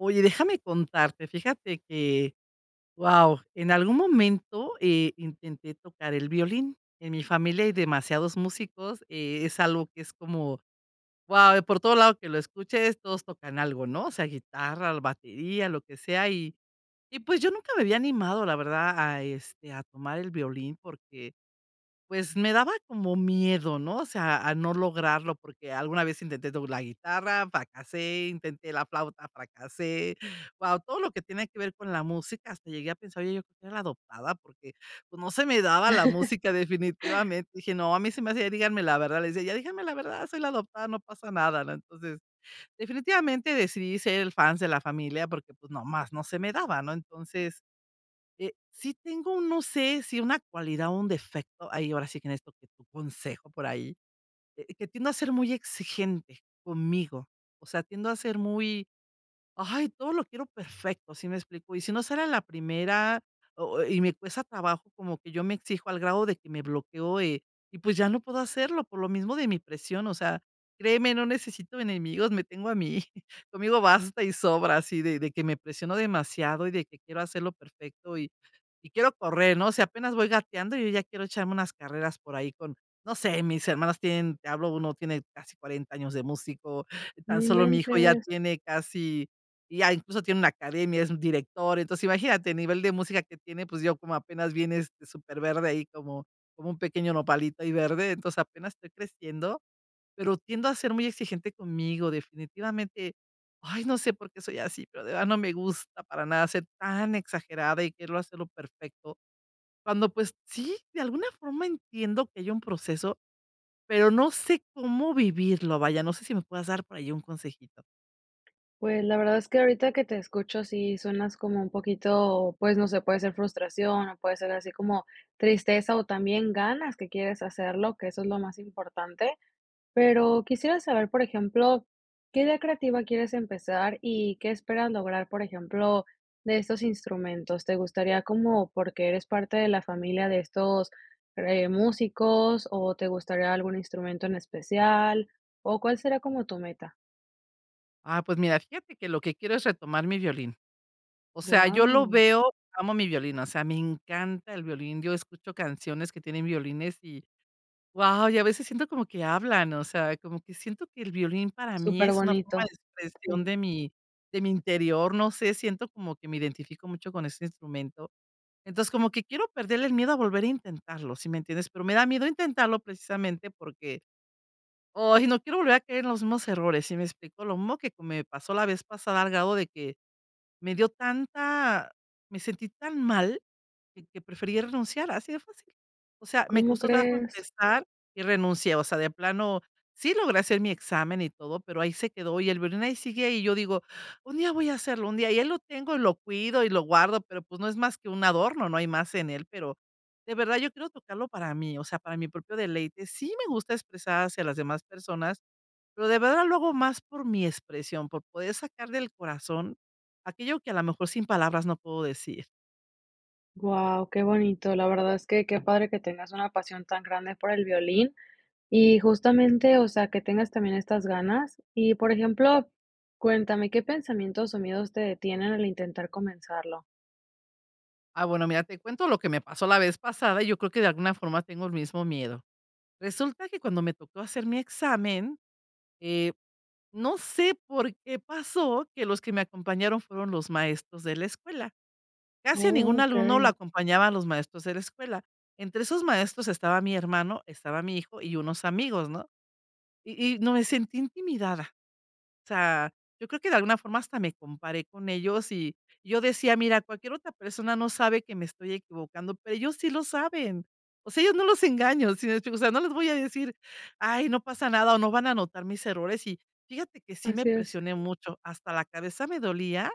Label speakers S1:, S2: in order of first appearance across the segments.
S1: Oye, déjame contarte, fíjate que, wao, en algún momento, eh, intenté tocar el violín. En mi familia hay demasiados músicos, eh, es algo que es como, wao, por todos lados que lo escuches, todos tocan algo, no sea guitarra, batería, lo que sea. Y y pues yo nunca me había animado, la verdad, a este, a tomar el violín porque, pues me daba como miedo, no o sea a no lograrlo, porque alguna vez intenté tocar la guitarra, fracasé, intenté la flauta, fracasé. Wao, todo lo que tiene que ver con la música, hasta llegué a pensar yo que era adoptada, porque, pues, no se me daba la música definitivamente. Dije: "No, a mí se me hacía, díganme la verdad, les decía, ya díganme la verdad, soy la adoptada, no pasa nada", ¿no? Entonces, definitivamente decidí ser el fans de la familia, porque, pues, nomás no se me daba, ¿no? Entonces, eh, sí tengo, no sé, si una cualidad o un defecto, ahí ahora sí que necesito que tu consejo por ahí, que tiendo a ser muy exigente conmigo, o sea, tiendo a ser muy, ¡ay!, todo lo quiero perfecto, ¿si me explico? Y si no será la primera o y me cuesta trabajo, como que yo me exijo al grado de que me bloqueó, eh, y pues ya no puedo hacerlo por lo mismo de mi presión o sea créeme no necesito enemigos me tengo a mí conmigo basta y sobra así de de que me presiono demasiado y de que quiero hacerlo perfecto y y quiero correr no sé apenas voy gateando yo ya quiero echarme unas carreras por ahí con no sé, mis hermanos tienen, te hablo uno tiene casi 40 años de músico,
S2: ¡No
S1: tan solo mi hijo ya
S2: inventes!
S1: tiene casi ya incluso tiene una academia, es un director, entonces imagínate, a nivel de música que tiene, pues yo como apenas vienes de súper verde ahí como como un pequeño nopalito ahí verde, entonces apenas estoy creciendo, pero tiendo a ser muy exigente conmigo definitivamente. Ay no sé por qué soy así, pero de verdad no me gusta para nada ser tan exagerada y quererlo hacerlo perfecto. Cuando, pues, sí, de alguna forma entiendo que hay un proceso, pero no sé cómo vivirlo, vaya, no sé si me puedas dar por ahí un consejito.
S2: Pues, la verdad es que ahorita que te escucho sí suenas como un poquito, pues, no sé, puede ser frustración o puede ser así como tristeza o también ganas que quieres hacerlo, que eso es lo más importante. Pero quisiera saber, por ejemplo, ¿qué día creativa quieres empezar y qué esperas lograr, por ejemplo, de estos instrumentos? ¿Te gustaría como porque eres parte de la familia de estos eh músicos o te gustaría algún instrumento en especial? ¿O cuál será como tu meta?
S1: Ah, pues mira, fíjate que lo que quiero es retomar mi violín. O sea, yo lo
S2: Wao.
S1: veo, amo mi violín, o sea, me encanta el violín. Yo escucho canciones que tienen violines y wao y a veces siento como que hablan o sea como que siento que el violín para mí es una forma
S2: Súperbonito.
S1: de expresión
S2: ¡Si!
S1: de mi de mi interior no sé siento como que me identifico mucho con este instrumento. Entonces como que quiero perder el miedo a volver a intentarlo, ¿si me entiendes? Pero me da miedo intentarlo precisamente porque, ay, no quiero volver a caer en los mismos errores. ¿Si me explico? Lo mismo que me pasó la vez pasada, al grado de que me dio tanta me sentí tan mal que prefería renunciar así de fácil. O sea, me
S2: ¿Cómo
S1: costó trabajo
S2: crees?
S1: empezar y renuncié. O sea, de plano, sí logré hacer mi examen y todo, pero ahí se quedó y el violín ahí sigue ahí, y yo digo, un día voy a hacerlo, un día, y ahí lo tengo, lo cuido y lo guardo, pero, pues, no es más que un adorno, no hay más en él. Pero, de verdad yo quiero tocarlo para mí, o sea, para mi propio deleite sí me gusta expresar hacia las demás personas, pero de verdad lo hago más por mi expresión, por poder sacar del corazón aquello que a lo mejor sin palabras no puedo decir.
S2: Wao, qué bonito, la verdad es que qué padre que tengas una pasión tan grande por el violín y justamente, o sea, que tengas también estas ganas. Y por ejemplo, cuéntame, ¿qué pensamientos o miedos te detienen al intentar comenzarlo?
S1: Ah, bueno, mira, te cuento lo que me pasó la vez pasada y yo creo que de alguna forma tengo el mismo miedo. Resulta que cuando me tocó hacer mi examen, eh, no sé por qué pasó que los que me acompañaron fueron los maestros de la escuela. Casi a ningún alumno lo
S2: Okey.
S1: acompañaban los maestros de la escuela. Entre esos maestros estaba mi hermano, estaba mi hijo y unos amigos, ¿no? Y y no me sentí intimidada. O sea, yo creo que de alguna forma hasta me comparé con ellos y yo decía: "Mira, cualquier otra persona no sabe que me estoy equivocando, pero ellos sí lo saben". O sea, a ellos no los engaño, ¿si me explico? o sea, no les voy a decir: "Ay, no pasa nada, o no van a anotar mis errores", y fíjate que sí me
S2: Así es.
S1: presioné mucho. Hasta la cabeza me dolía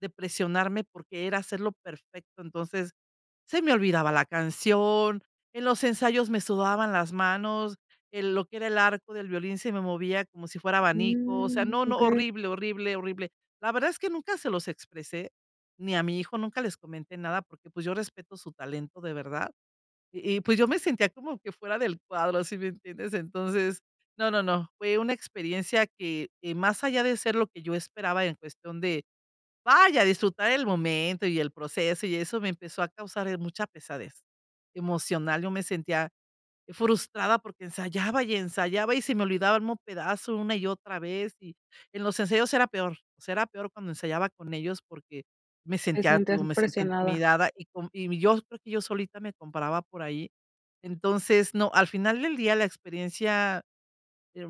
S1: de presionarme porque era hacerlo perfecto. Entonces, se me olvidaba la canción, en los ensayos me sudaban las manos, en lo que era el arco del violín se me movía como si fuera abanico, o sea,
S2: Mm,
S1: no, no,
S2: okey.
S1: horrible, horrible, horrible. La verdad es que nunca se los expresé, ni a mi hijo nunca les comenté nada porque, pues, yo respeto su talento de verdad y y pues yo me sentía como que fuera del cuadro ¿sí me entiendes? Entonces no, no, no fue una experiencia que, eh, más allá de ser lo que yo esperaba en cuestión de, vaya disfrutar el momento y el proceso y eso me empezó a causar, eh, mucha pesadez emocional. Yo me sentía frustrada porque ensayaba y ensayaba y se me olvidaba el mismo pedazo una y otra vez y en los ensayos era peor. Será peor cuando ensayaba con ellos porque me
S2: Te
S1: sentía,
S2: sientes
S1: digo, me sentía
S2: presionada.
S1: intimidada y con y yo creo que yo solita me comparaba por ahí. Entonces no, al final del día la experiencia,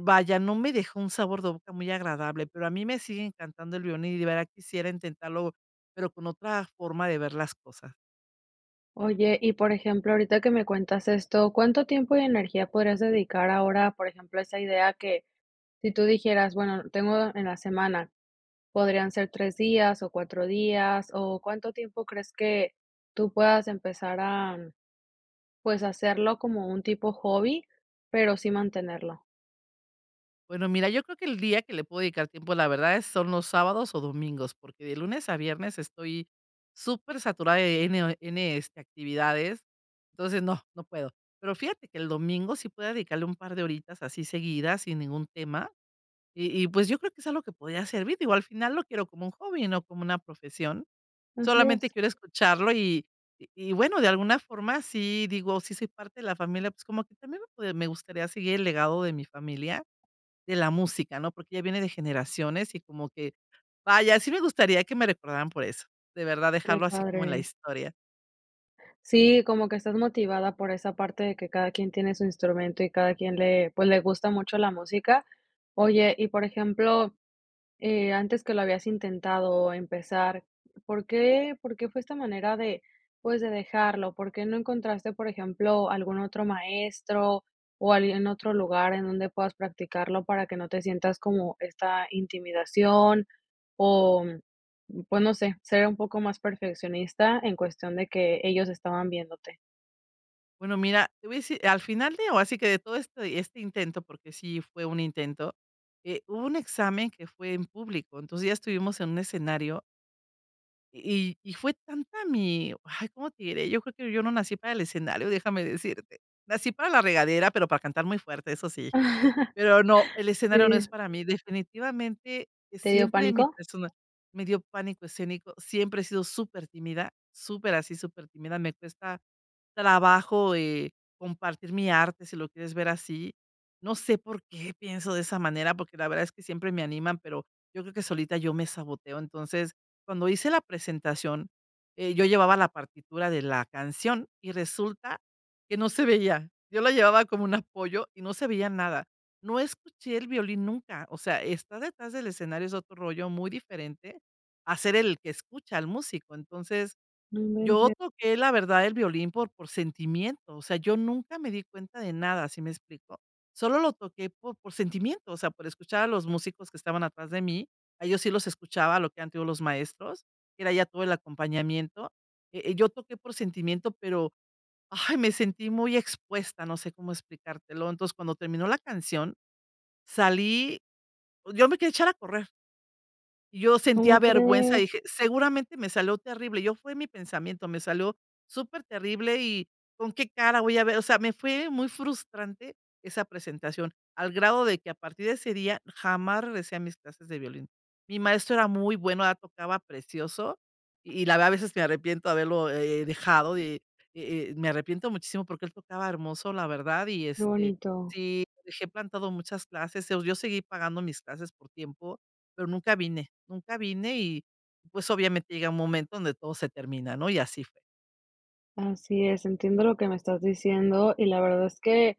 S1: vaya, no me dejó un sabor de boca muy agradable, pero a mí me sigue encantando el violín y de verdad quisiera intentarlo, pero con otra forma de ver las cosas.
S2: Oye, y, por ejemplo, ahorita que me cuentas esto, ¿cuánto tiempo y energía podrías dedicar ahora, por ejemplo, a esa idea que, si tú dijeras: "Bueno, tengo en la semana podrían ser tres días o cuatro días", o cuánto tiempo crees que tú puedas empezar a pues, hacerlo como un tipo hobby, pero sí mantenerlo?
S1: Bueno mira yo creo que el día que le puedo dedicar tiempo la verdad es son los sábados o domingos porque de lunes a viernes estoy súper saturada de n o eh, de n este actividades, entonces no, no puedo. Pero fíjate que el domingo sí podría dedicarle un par de horitas así seguidas sin ningún tema y y pues yo creo que es algo que podría servir. Digo, al final lo quiero como un hobby, no como una profesión.
S2: Así
S1: Solamente
S2: es.
S1: quiero escucharlo y y y bueno, de alguna forma sí digo, sí soy parte de la familia, pues como que también me p me gustaría seguir el legado de mi familia, de la música, ¿no? Porque ya viene de generaciones y como que vaya, sí me gustaría que me recordaran por eso, de verdad
S2: Qué
S1: dejarlo así como en la
S2: padre.
S1: historia.
S2: Sí, como que estás motivada por esa parte de que cada quien tiene su instrumento y cada quien le, pues, le gusta mucho la música. Oye, y por ejemplo, eh antes que lo habías intentado empezar, ¿por qué por qué fue esta manera de, pues, de dejarlo? ¿Por qué no encontraste, por ejemplo, algún otro maestro o alguien otro lugar en donde puedas practicarlo para que no te sientas como esta intimidación? O, pues no sé, ser un poco más perfeccionista en cuestión de que ellos estaban viéndote.
S1: Bueno, mira, te voy a decir, al final de, ahora sí que, de todo esto y este intento, porque sí fue un intento, eh, hubo un examen que fue en público. Entonces, ya estuvimos en un escenario y y fue tanta mi, ay, ¿cómo te diré?, yo creo que yo no nací para el escenario, déjame decirte. Nací para la regadera, pero, para cantar muy fuerte, eso sí. Pero no, el escenario no es
S2: Sí.
S1: para mí. Definitivamente,
S2: ¿Te dio
S1: siempre mi
S2: pánico?
S1: persona me dio pánico escénico siempre he sido supertímida, súper, así supertímida, me cuesta trabajo, eh, compartir mi arte si lo quieres ver así. No sé por qué pienso de esa manera, porque la verdad es que, siempre me animan, pero, yo creo que solita yo me saboteo, entonces, cuando hice la presentación, eh, yo llevaba la partitura de la canción y resulta que no se veía. Yo la llevaba como un apoyo y no se veía nada. No escuché el violín nunca, o sea, estar detrás del escenario es otro rollo muy diferente, a ser el que escucha al músico. Entonces,
S2: No
S1: yo
S2: inventes.
S1: toqué la verdad el violín por por sentimiento. O sea, yo nunca me di cuenta de nada, ¿sí me explico?, solo lo toqué por por sentimiento, o sea, por escuchar a los músicos que estaban atrás de mí. A ellos sí los escuchaba lo que han tenido los maestros, era ya todo el acompañamiento. Eh, eh, yo toqué por sentimiento, pero, ¡ay, me sentí muy expuesta!, no sé cómo explicártelo. Entonces, cuando terminó la canción, salí, yo me quería echar a correr y yo sentía
S2: ¿Cómo
S1: vergüenza,
S2: crees?
S1: dije: "Seguramente, me salió terrible". Yo fue mi pensamiento, me salió superterrible, y con qué cara voy a ver o sea, me fue muy frustrante esa presentación, al grado de que a partir de ese día, jamás regresé a mis clases de violín. Mi maestro era muy buen, él tocaba precioso, y la verdad, a veces me arrepiento haberlo, eh, dejado, eh eh eh, me arrepiento muchísimo porque él tocaba hermoso la verdad y
S2: Qué
S1: este,
S2: bonito.
S1: sí, lo dejé plantado muchas clases, o sea, yo seguí pagando mis clases por tiempo, pero nunca vine, nunca vine y, pues, obviamente, llega un momento donde todo se termina, ¿no?, y así fue.
S2: Así es, entiendo lo que me estás diciendo y la verdad es que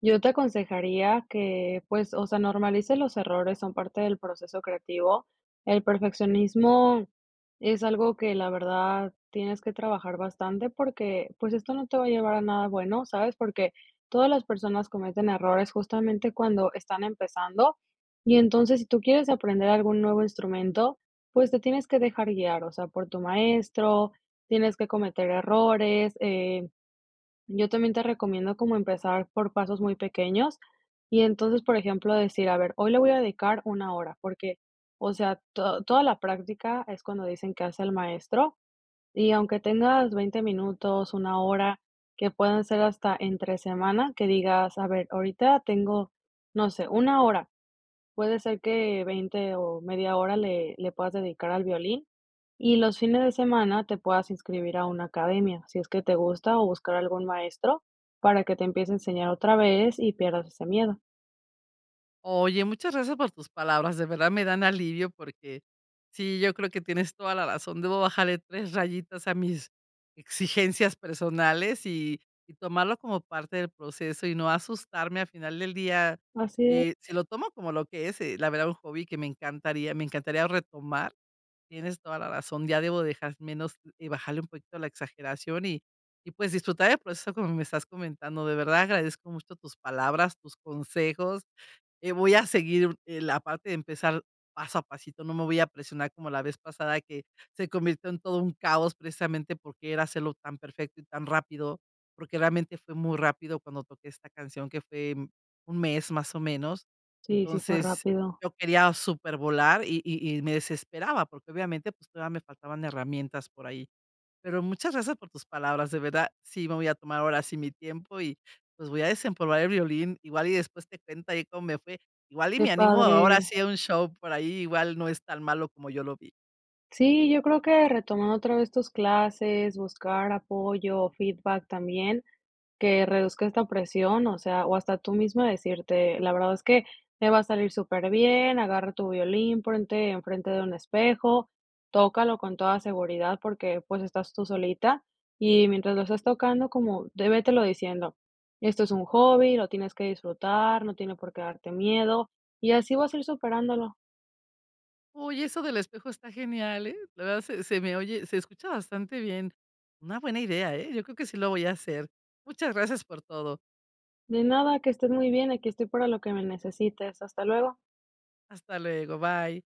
S2: yo te aconsejaría que, pues, o sea, normalices los errores, son parte del proceso creativo. El perfeccionismo es algo que la verdad tienes que trabajar bastante porque, pues esto no te va a llevar a nada bueno, ¿sabes? Porque todas las personas cometen errores justamente cuando están empezando y entonces si tú quieres aprender algún nuevo instrumento, pues te tienes que dejar guiar, o sea, por tu maestro, tienes que cometer errores, eh yo también te recomiendo como empezar por pasos muy pequeños y entonces, por ejemplo, decir, a ver, hoy le voy a dedicar una hora, porque, o sea, to toda la práctica es cuando dicen que hace al maestro y aunque tengas veinte minutos, una hora que pueden ser hasta entre semana, que digas a ver, ahorita tengo, no sé, una hora. Puede ser que veinte o media hora le le puedas dedicar al violín y los fines de semana te puedas inscribir a una academia si es que te gusta o buscar algún maestro para que te empiece a enseñar otra vez y pierdas ese miedo.
S1: Oye, muchas gracias por tus palabras, de verdad me dan alivio, porque sí, yo creo que tienes toda la razón, debo bajarle 3 rayitas a mis exigencias personales, y tomarlo como parte del proceso y no asustarme a final del día.
S2: Así es.
S1: Eh, sí, lo tomo como lo que es, eh, la verdad, un hobby que me encantaría me encantaría retomar, tienes toda la razón, ya debo dejar menos y bajarle un poquito la exageración, y y pues disfrutar el proceso como me estás comentando. De verdad agradezco mucho tus palabras, tus consejos, eh, voy a seguir, eh, la parte de empezar paso a pasito. No me voy a presionar como la vez pasada, que se convirtió en todo un caos precisamente porque era hacerlo tan perfecto y tan rápido. Porque realmente fue muy rápido cuando toqué esta canción, que fue un mes más o menos.
S2: Sí, sí fue
S1: Entonces,
S2: rápido.
S1: yo quería supervolar, y y y me desesperaba porque, obviamente, pues todavía me faltaban herramientas por ahí. Pero muchas gracias por tus palabras. De verdad sí me voy a tomar ahora sí mi tiempo y, pues, voy a desempolvar el violín. Igual y después te cuento ahí cómo me fue. Igual y
S2: Qué
S1: me animo ahora
S2: padre.
S1: sí a un show por ahí, igual no es tan malo como yo lo vi.
S2: Sí, yo creo que retomando otra vez tus clases, buscar apoyo o feedback también, que reduzca esta presión, o sea, o hasta tú mismo decirte la verdad es que te va a salir superbién, agarra tu violín, ponte enfrente de un espejo, tócalo con toda seguridad porque, pues, estás tú solita y mientras lo estás tocando, como, de vete lo diciendo: "Esto es un hobby, lo tienes que disfrutar, no tiene por qué darte miedo, y así vas a ir superándolo".
S1: Uy, eso del espejo está genial, ¿eh? La verdad se se me oye, se escucha bastante bien. Una buena idea, ¿eh? Yo creo que sí lo voy a hacer. Muchas gracias por todo.
S2: De nada, que estés muy bien, aquí estoy para lo que me necesites. Hasta luego.
S1: Hasta luego. Bye.